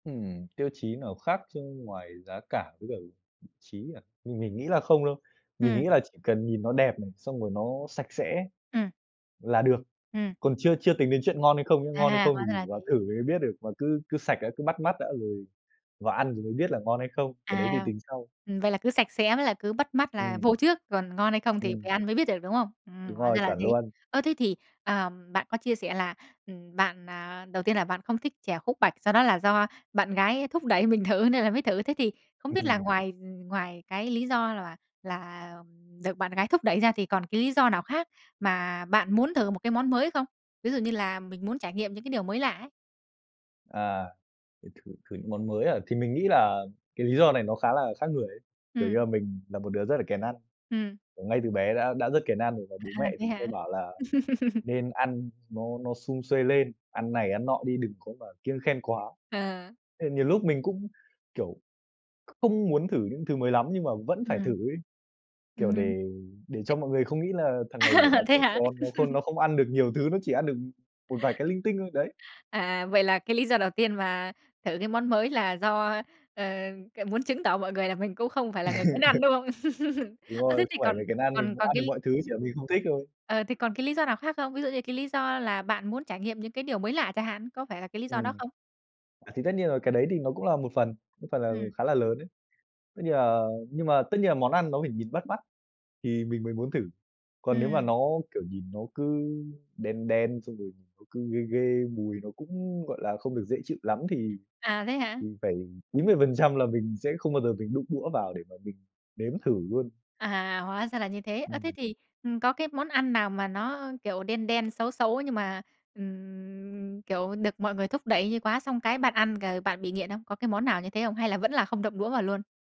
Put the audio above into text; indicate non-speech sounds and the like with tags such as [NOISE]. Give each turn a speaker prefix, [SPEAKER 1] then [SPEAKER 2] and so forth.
[SPEAKER 1] Ừm, tiêu chí nào khác chứ ngoài giá cả với cả vị trí à, mình mình nghĩ là không đâu. Mình
[SPEAKER 2] Ừm.
[SPEAKER 1] nghĩ là chỉ cần nhìn nó đẹp này, xong rồi nó sạch sẽ
[SPEAKER 2] Ừm.
[SPEAKER 1] là được,
[SPEAKER 2] Ừm.
[SPEAKER 1] còn chưa chưa tính đến chuyện ngon hay không nhá.
[SPEAKER 2] À
[SPEAKER 1] Ngon hay
[SPEAKER 2] hà,
[SPEAKER 1] không thì
[SPEAKER 2] hóa ra là
[SPEAKER 1] mình vào
[SPEAKER 2] thế.
[SPEAKER 1] thử mình mới biết được, mà cứ cứ sạch đã, cứ bắt mắt đã rồi vào ăn rồi mới biết là ngon hay không, cái đấy thì
[SPEAKER 2] À.
[SPEAKER 1] tính sau.
[SPEAKER 2] Ừm, vậy là cứ sạch sẽ với là cứ bắt mắt là
[SPEAKER 1] Ừm.
[SPEAKER 2] vô trước, còn ngon hay không thì phải
[SPEAKER 1] Ừm.
[SPEAKER 2] ăn mới biết được, đúng không? Ừm,
[SPEAKER 1] Đúng
[SPEAKER 2] hóa
[SPEAKER 1] rồi,
[SPEAKER 2] ra là
[SPEAKER 1] chuẩn
[SPEAKER 2] thế.
[SPEAKER 1] luôn.
[SPEAKER 2] Ơ, thế thì, à, ờm, bạn có chia sẻ là, ừm, bạn, à, đầu tiên là bạn không thích chè khúc bạch, sau đó là do bạn gái thúc đẩy mình thử nên là mới thử. Thế thì không biết là
[SPEAKER 1] Ừm.
[SPEAKER 2] ngoài, ừm, ngoài cái lý do là bạn là, ừm, được bạn gái thúc đẩy ra, thì còn cái lý do nào khác mà bạn muốn thử một cái món mới không? Ví dụ như là mình muốn trải nghiệm những cái điều mới lạ ấy.
[SPEAKER 1] À, thử thử thử những món mới à? Thì mình nghĩ là cái lý do này nó khá là khác người ấy, kiểu như
[SPEAKER 2] Ừm.
[SPEAKER 1] là, mình là một đứa rất là kén ăn.
[SPEAKER 2] Ừm.
[SPEAKER 1] Kiểu, ngay từ bé đã đã rất kén ăn rồi và
[SPEAKER 2] À,
[SPEAKER 1] bố mẹ
[SPEAKER 2] thế
[SPEAKER 1] thì hay
[SPEAKER 2] hả?
[SPEAKER 1] bảo là
[SPEAKER 2] [LAUGHS]
[SPEAKER 1] nên ăn nó nó sum suê lên, ăn này, ăn nọ đi, đừng có mà kiêng khem quá.
[SPEAKER 2] À.
[SPEAKER 1] Thì nhiều lúc mình cũng, kiểu, kh không muốn thử những thứ mới lắm, nhưng mà vẫn phải thử
[SPEAKER 2] Ừm.
[SPEAKER 1] ấy,
[SPEAKER 2] Ừm
[SPEAKER 1] kiểu,
[SPEAKER 2] hưm.
[SPEAKER 1] để để cho mọi người không nghĩ là thằng
[SPEAKER 2] [UNINTELLIGIBLE]
[SPEAKER 1] này, kiểu, nó
[SPEAKER 2] [LAUGHS] Thế
[SPEAKER 1] trẻ
[SPEAKER 2] hả?
[SPEAKER 1] con nó khôn nó
[SPEAKER 2] [LAUGHS]
[SPEAKER 1] không ăn được nhiều thứ, nó chỉ ăn được một vài cái linh tinh thôi, đấy.
[SPEAKER 2] À, à, vậy là cái lý do đầu tiên mà thử cái món mới là do, ờ, c muốn chứng tỏ mọi người là mình cũng không phải là người kén ăn,
[SPEAKER 1] [LAUGHS]
[SPEAKER 2] đúng không? [LAUGHS]
[SPEAKER 1] Đúng
[SPEAKER 2] Ơ, thế
[SPEAKER 1] rồi,
[SPEAKER 2] thì
[SPEAKER 1] không phải
[SPEAKER 2] còn
[SPEAKER 1] mình kén ăn, mình
[SPEAKER 2] còn
[SPEAKER 1] cũng
[SPEAKER 2] còn
[SPEAKER 1] ăn được
[SPEAKER 2] cái
[SPEAKER 1] mọi thứ, chỉ là mình không thích thôi.
[SPEAKER 2] Ờ, thì còn cái lý do nào khác không? Ví dụ như là cái lý do là bạn muốn trải nghiệm những cái điều mới lạ chẳng hạn, có phải là cái lý do đó
[SPEAKER 1] Ừm.
[SPEAKER 2] không?
[SPEAKER 1] À, thì tất nhiên rồi là cái đấy thì nó cũng là một phần, một phần là
[SPEAKER 2] Ừm.
[SPEAKER 1] khá là lớn ấy. Tất nhiên là nhưng mà tất nhiên là món ăn nó phải nhìn bắt mắt thì mình mới muốn thử. Còn nếu mà
[SPEAKER 2] Ừm.
[SPEAKER 1] nó, kiểu, nhìn nó cứ đen đen, xong rồi nó cứ ghê ghê, mùi nó cũng, gọi là, không được dễ chịu lắm, thì
[SPEAKER 2] À, thế hả?
[SPEAKER 1] thì phải 90% là mình sẽ không bao giờ mình đụng đũa vào để mà mình nếm thử luôn.
[SPEAKER 2] À, hóa ra là như thế. Ơ, thế
[SPEAKER 1] Ừm.
[SPEAKER 2] thì, ừm, có cái món ăn nào mà nó, kiểu, đen đen, xấu xấu nhưng mà, ừm, kiểu, được mọi người thúc đẩy như quá, xong cái bạn ăn g bạn bị nghiện không? Có cái món nào như thế không? Hay là vẫn là không động đũa vào luôn?